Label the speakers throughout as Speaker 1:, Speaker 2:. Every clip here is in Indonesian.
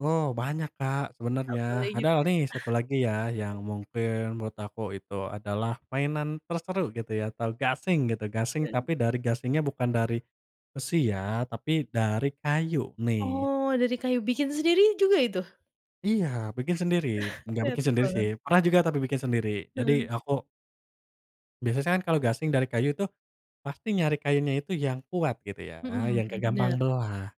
Speaker 1: Oh banyak, Kak, sebenarnya.
Speaker 2: Apalagi
Speaker 1: Padahal
Speaker 2: getah.
Speaker 1: nih, satu lagi ya
Speaker 2: [unintelligible]
Speaker 1: yang mungkin menurut aku itu adalah mainan terseru gitu ya atau gasing gitu. Gasing,
Speaker 2: Eee.
Speaker 1: tapi dari gasingnya bukan dari besi ya tapi dari kayu nih.
Speaker 2: Oh dari kayu, bikin sendiri juga itu?
Speaker 1: Iya bikin sendiri nggak bikin
Speaker 2: Kreatif
Speaker 1: sendiri sih.
Speaker 2: banget.
Speaker 1: Pernah juga tapi bikin sendiri. Jadi
Speaker 2: Heeh.
Speaker 1: aku Biasanya kan kalau gasing dari kayu tuh pasti nyari kayunya itu yang kuat gitu ya,
Speaker 2: Mhm,
Speaker 1: yang nggak
Speaker 2: bener.
Speaker 1: gampang belah.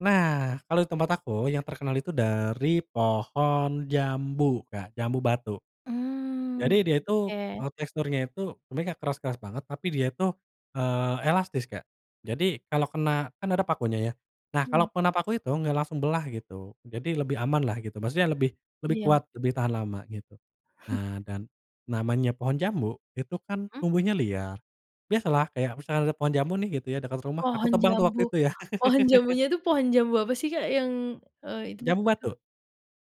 Speaker 1: Nah kalau di tempat aku yang terkenal itu dari pohon jambu, Kak. Jambu batu.
Speaker 2: Mmm.
Speaker 1: Jadi dia itu,
Speaker 2: Oke.
Speaker 1: eee, teksturnya itu sebenernya nggak keras-keras banget tapi dia itu, eee, elastis, Kak. Jadi kalau kena kan ada pakunya ya. Nah
Speaker 2: Hmm.
Speaker 1: kalau kena paku itu nggak langsung belah gitu. Jadi lebih amanlah gitu. Maksudnya lebih lebih
Speaker 2: Iya.
Speaker 1: kuat, lebih tahan lama, gitu. Nah dan namanya pohon jambu itu kan
Speaker 2: Mmm.
Speaker 1: tumbuhnya liar. Biasalah kayak misalnya ada pohon jambu nih gitu ya dekat rumah. Aku
Speaker 2: Pohon
Speaker 1: tebang tuh
Speaker 2: jambu.
Speaker 1: waktu itu ya.
Speaker 2: Pohon jambunya itu pohon jambu apa sih, Kak, yang eee, itu
Speaker 1: Jambu
Speaker 2: begitu?
Speaker 1: batu.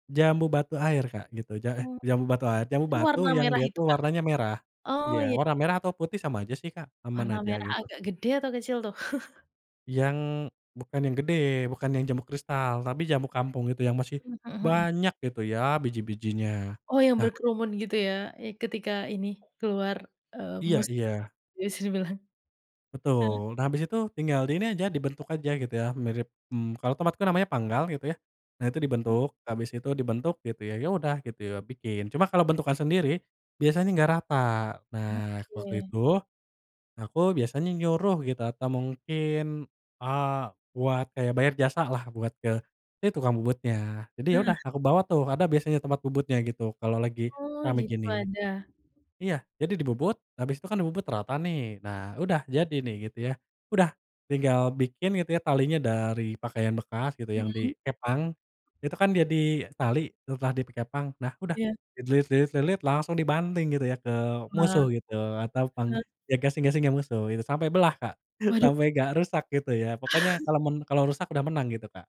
Speaker 1: Jambu batu air, Kak gitu. Ja eh,
Speaker 2: Oh.
Speaker 1: jambu batu ai jambu
Speaker 2: Itu
Speaker 1: batu
Speaker 2: warna
Speaker 1: yang
Speaker 2: merah
Speaker 1: dia
Speaker 2: itu,
Speaker 1: tuh
Speaker 2: Kak?
Speaker 1: warnanya merah.
Speaker 2: Oh
Speaker 1: Iya.
Speaker 2: ya.
Speaker 1: Warna merah atau putih sama aja sih, Kak, aman
Speaker 2: Warna
Speaker 1: aja
Speaker 2: merah
Speaker 1: gitu.
Speaker 2: agak gede atau kecil tuh?
Speaker 1: Yang bukan yang gede, bukan yang jambu kristal. Tapi jambu kampung itu yang masih
Speaker 2: Mmm, mhm mhm.
Speaker 1: banyak gitu ya biji-bijinya.
Speaker 2: Oh, yang
Speaker 1: Nah
Speaker 2: berkerumun gitu ya? Ya ketika ini keluar, eee,
Speaker 1: Iya
Speaker 2: musik?
Speaker 1: iya.
Speaker 2: Bisa dibilang. Heeh.
Speaker 1: Betul. Nah habis itu tinggal di ini aja, dibentuk aja gitu ya mirip mmm, kalau tomat itu namanya panggal gitu ya. Nah itu
Speaker 2: Mhm.
Speaker 1: dibentuk, habis itu dibentuk gitu ya. Ya udah gitu ya bikin. Cuma kalau bentukan sendiri biasanya enggak rata. Nah waktu
Speaker 2: Oke.
Speaker 1: itu, nah aku biasanya nyuruh gitu atau mungkin, eee, buat kayak bayar jasalah buat ke, ya tukang bubutnya. Jadi ya
Speaker 2: Nah.
Speaker 1: udah aku bawa tuh, ada biasanya tempat bubutnya gitu kalau lagi
Speaker 2: Oh,
Speaker 1: rame
Speaker 2: gitu
Speaker 1: gini.
Speaker 2: ada.
Speaker 1: Iya, jadi dibubut. Habis itu kan dibubut rata nih. Nah udah jadi nih gitu ya. Udah tinggal bikin gitu ya talinya dari pakaian bekas gitu yang
Speaker 2: Hmm.
Speaker 1: dikepang. Itu kan jadi tali setelah di pi kepang. Nah udah,
Speaker 2: Iya.
Speaker 1: dililit lilit-lilit langsung dibanting gitu ya ke
Speaker 2: Wah.
Speaker 1: musuh gitu atau pang
Speaker 2: [unintelligible]
Speaker 1: ya gasing-gasing musuh gitu. Sampai belah, Kak.
Speaker 2: Waduh!
Speaker 1: Sampai nggak rusak gitu ya. Pokoknya kalau mun kalau rusak udah menang gitu, Kak.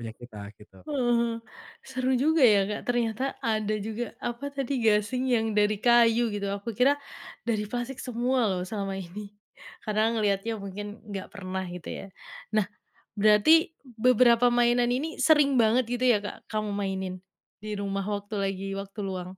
Speaker 1: Punya kita gitu.
Speaker 2: Uh hah, seru juga ya, Kak, ternyata ada juga, apa tadi, gasing yang dari kayu gitu, aku kira dari plastik semua loh selama ini, karena ngelihatnya mungkin nggak pernah gitu ya. Nah, berarti beberapa mainan ini sering banget gitu ya, Kak, kamu mainin? Di rumah waktu lagi waktu luang?